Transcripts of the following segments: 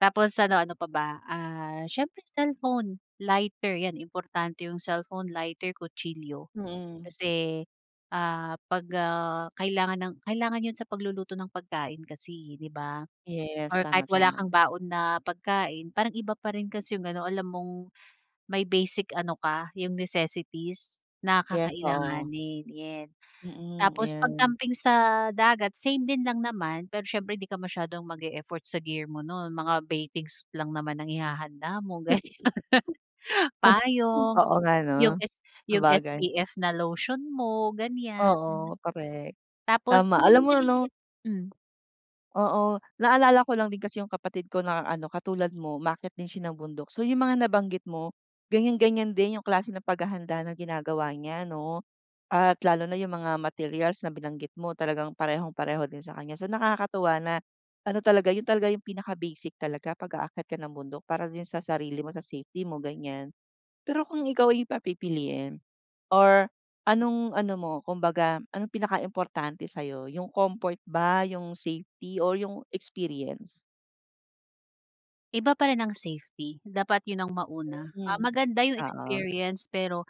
Tapos ano, ano pa ba, ah, siyempre cellphone, lighter, yan, importante yung cellphone, lighter, kutsilyo. Mm. Kasi, ah, 'pag, ah, kailangan ng kailangan yun sa pagluluto ng pagkain, kasi i di ba? Yes, Or kahit tama, wala tama. kang baon na pagkain, parang iba pa rin kasi yung ano, alam mong may basic ano ka, yung necessities na Yes, oo. kakailanganin, yen. Mm, Tapos 'pag ayan. camping sa dagat, same din lang naman. Pero siyempre di ka masyadong mag-e-effort sa gear mo nun mga baitings lang naman ang ihahanda mo, ganiyan. Payong, Oo nga, 'no? yung s yung Sabagay. SPF na lotion mo, ganiyan. Oo, correct. Tapos Tama, yung alam mga mo, ano? maliliit hmm. Oo, naalala ko lang din kasi yung kapatid ko na ano, katulad mo, umaakyat din siya ng bundok. So, yung mga nabanggit mo, ganiyan-ganiyan din yung klase ng paghahanda ng ginagawa niya ano, at lalo na yung mga materials na binanggit mo talagang parehong-pareho din sa kanya. So, nakakatuwa na ano talaga, yun talaga yung pinaka-basic talaga pag-aakyat ka ng bundok para din sa sarili mo, sa safety mo, ganiyan. Pero kung ikaw ay papipiliin, or anong ano mo, kumbaga, anong pinakaimportante sa'yo, yung comfort ba, yung safety or yung experience? Iba pa rin ang safety, dapat yun ang mauna. Ah, Mm. maganda yung Oo. experience, pero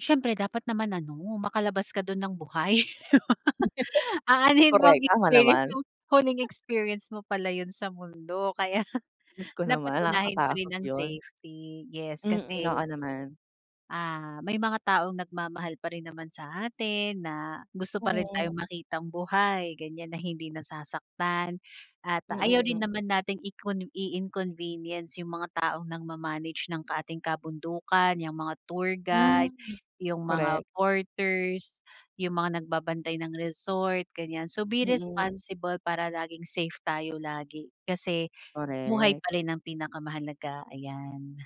siyempre dapat naman ano, makalabas ka dun ng buhay. Aanhin mo ang Correct, tama experience naman. kung huling experience mo pala yun sa mundo. Kaya Jusko dapat naman, unahin pa rin nakakatakot ang yun. safety, yes, Mm, kasi oo naman. ah, may mga taong nagmamahal pa rin naman sa atin na gusto pa rin Mm. tayong makitang buhay, ganiyan, na hindi nasasaktan at ayaw rin Mm. naman nating icon i-inconvenience yung mga taong nang ma-manage ng ating kabundukan, yung mga tour Hmm. guide, yung mga Correct. porters, yung mga nagbabantay ng resort, ganiyan. So, be Mm. responsible para laging safe tayo lagi kasi buhay Correct. pa rin ang pinakamahalaga, ayan.